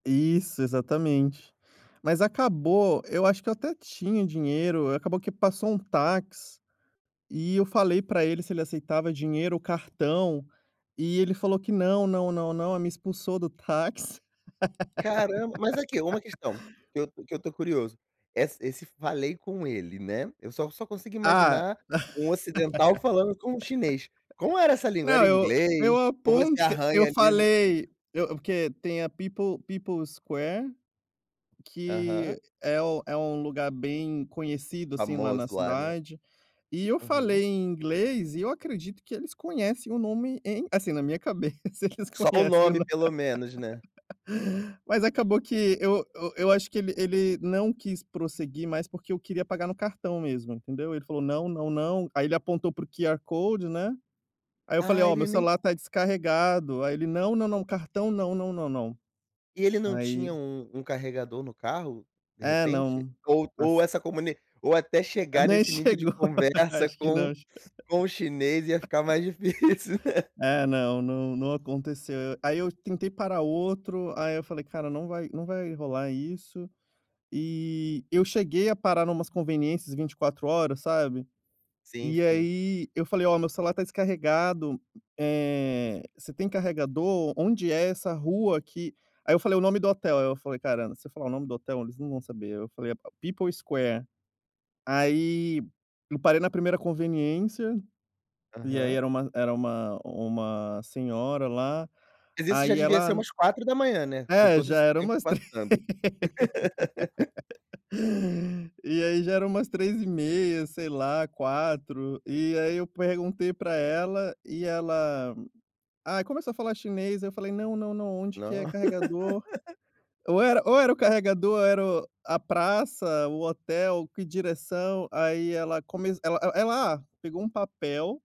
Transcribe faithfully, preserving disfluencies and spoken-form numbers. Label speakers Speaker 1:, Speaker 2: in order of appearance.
Speaker 1: Isso, exatamente. Mas acabou, eu acho que eu até tinha dinheiro, acabou que passou um táxi e eu falei pra ele se ele aceitava dinheiro ou cartão, e ele falou que "Não, não, não, não." Aí me expulsou do táxi.
Speaker 2: Caramba, mas aqui, uma questão que eu que eu estou curioso. Essa esse falei com ele, né? Eu só só consigo
Speaker 1: Ah.
Speaker 2: imaginar um ocidental falando com um chinês. Como era essa língua? Era
Speaker 1: Não, eu
Speaker 2: inglês
Speaker 1: eu
Speaker 2: ou você
Speaker 1: aponte
Speaker 2: arranha
Speaker 1: eu
Speaker 2: ali no
Speaker 1: falei, eu porque tem a People People's Square,
Speaker 2: Aham.
Speaker 1: que é o é um lugar bem conhecido, assim, lá
Speaker 2: Famoso
Speaker 1: na
Speaker 2: lá, né?
Speaker 1: cidade, e eu
Speaker 2: Uhum.
Speaker 1: falei em inglês e eu acredito que eles conhecem o nome em Assim, na minha cabeça, eles
Speaker 2: Só o
Speaker 1: conhecem o
Speaker 2: nome
Speaker 1: nom
Speaker 2: pelo menos, né?
Speaker 1: Mas acabou que eu eu eu acho que ele ele não quis prosseguir mais porque eu queria pagar no cartão mesmo, entendeu? Ele falou: "Não não não." Aí ele apontou para o QR code, né, aí eu falei:
Speaker 2: Ah,
Speaker 1: "Ó, meu
Speaker 2: ele nem
Speaker 1: celular está descarregado." Aí ele: "Não, não, não, cartão não, não, não."
Speaker 2: E ele não
Speaker 1: Aí
Speaker 2: tinha um um carregador no carro, de
Speaker 1: É,
Speaker 2: repente?
Speaker 1: não.
Speaker 2: Ou ou
Speaker 1: As
Speaker 2: essa comuni ou até chegar
Speaker 1: Nem
Speaker 2: nesse nível de
Speaker 1: chegou
Speaker 2: conversa
Speaker 1: acho que
Speaker 2: com
Speaker 1: não ch
Speaker 2: com o chinês ia ficar mais difícil, né?
Speaker 1: É, não não não aconteceu. Aí eu tentei parar outro, aí eu falei: "Cara, não vai não vai rolar isso." E eu cheguei a parar numas conveniências vinte e quatro horas, sabe?
Speaker 2: Sim,
Speaker 1: E
Speaker 2: sim.
Speaker 1: aí eu falei: "Ó, meu celular está descarregado, eh, você tem carregador? Onde é essa rua aqui?" Aí eu falei o nome do hotel, aí eu falei: "Caramba, se eu falar o nome do hotel eles não vão saber." Eu falei: "A P People's Square." Aí eu parei na primeira conveniência e aí
Speaker 2: Aham.
Speaker 1: era uma era uma uma senhora lá,
Speaker 2: Mas isso já
Speaker 1: aí
Speaker 2: devia ser
Speaker 1: ela
Speaker 2: umas quatro da manhã, né, com
Speaker 1: É,
Speaker 2: todo
Speaker 1: já
Speaker 2: esse
Speaker 1: era
Speaker 2: tempo
Speaker 1: umas três
Speaker 2: passando.
Speaker 1: E aí já era umas três e meia, sei lá, quatro e aí eu perguntei pra ela e ela Ah, começou a falar chinês, eu falei: "Não, não, não, onde que é
Speaker 2: Não.
Speaker 1: carregador?" Ou era ou era o carregador era o a praça, o hotel, que direção. Aí ela começ ela ela ela Ah, pegou um papel